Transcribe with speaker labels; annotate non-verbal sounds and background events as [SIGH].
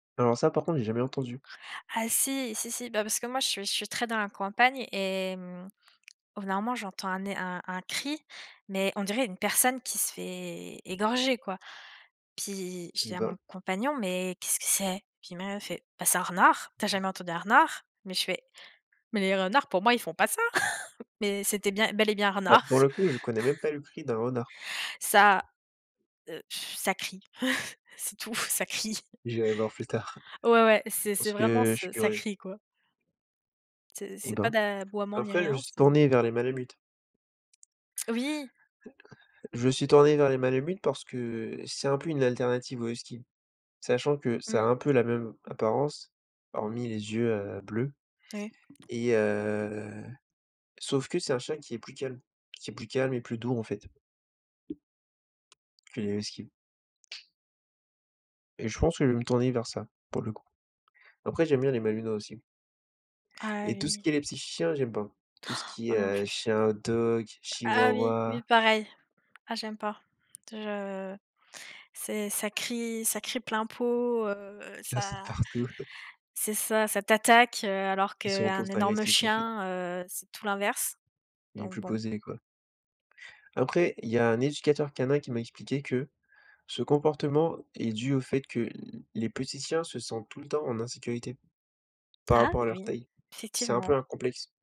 Speaker 1: Alors ça, par contre, j'ai jamais entendu.
Speaker 2: Ah si, si, si, bah, parce que moi je suis je suis très dans la campagne et mmh, au bout d'un moment j'entends un é un un cri, mais on dirait une personne qui se fait égorger, quoi. Puis, je dis
Speaker 1: Eh
Speaker 2: à
Speaker 1: ben!
Speaker 2: mon compagnon: «Mais qu'est-ce que c'est?» Pis là, il me fait: «Bah c'est renard, tu as jamais entendu un renard?» mais je fais: «Mais les renards pour moi, ils font pas ça», [CHUCKLES] mais c'était bien bel et bien
Speaker 1: Ah
Speaker 2: renard.
Speaker 1: pour le coup, je connais même pas le cri d'un renard.
Speaker 2: Ça, heu, [BLOWS AIR] ça crie, [CHUCKLES] c'est tout, ça crie.
Speaker 1: J'irai voir plus tard.
Speaker 2: Ouais, ouais, c'est c'est
Speaker 1: Parce que,
Speaker 2: vraiment
Speaker 1: heu, je suis
Speaker 2: ce ça
Speaker 1: curieux.
Speaker 2: crie, quoi. C'est
Speaker 1: Eh
Speaker 2: c'est pas
Speaker 1: ben!
Speaker 2: d'aboiement, ni
Speaker 1: Après je me
Speaker 2: rien,
Speaker 1: suis
Speaker 2: c'est
Speaker 1: tourné vers les malamutes.
Speaker 2: Oui.
Speaker 1: Je me suis tourné vers les malamutes parce que c'est un peu, une alternative au Husky. Sachant que ça a
Speaker 2: Mmh.
Speaker 1: un peu la même apparence, hormis les yeux, heu, bleus
Speaker 2: Oui.
Speaker 1: et heu, sauf que c'est un chien qui est plus calme, qui est plus calme et plus doux en fait que les husky. Et je pense que je vais me tourner vers ça, pour le coup. Après, j'aime bien les Malinois aussi.
Speaker 2: Ah
Speaker 1: Et tout ce qui est
Speaker 2: oui.
Speaker 1: les petits chiens, j'aime pas. Tout ce
Speaker 2: [GASPS]
Speaker 1: qui est,
Speaker 2: Moi, non
Speaker 1: heu,
Speaker 2: plus.
Speaker 1: chien hot-dog,
Speaker 2: Ah oui,
Speaker 1: chihuahua.
Speaker 2: oui, pareil. Ah, j'aime pas. Je c'est ça crie ça crie plein pot, heu,
Speaker 1: Ça saute
Speaker 2: ça
Speaker 1: partout. [LAUGHS]
Speaker 2: c'est ça, ça t'attaque, heu, alors
Speaker 1: Ils sont en
Speaker 2: qu'un
Speaker 1: constant
Speaker 2: énorme
Speaker 1: agressif, en fait.
Speaker 2: chien, heu, c'est tout l'inverse.
Speaker 1: Il est
Speaker 2: Donc
Speaker 1: plus
Speaker 2: bon.
Speaker 1: posé, quoi. Après il y a un éducateur canin qui m'a expliqué que ce comportement est dû au fait que l les petits chiens se sentent tout le temps en insécurité par
Speaker 2: Ah
Speaker 1: rapport à leur
Speaker 2: oui,
Speaker 1: taille. C'est un peu
Speaker 2: effectivement.
Speaker 1: un complexe.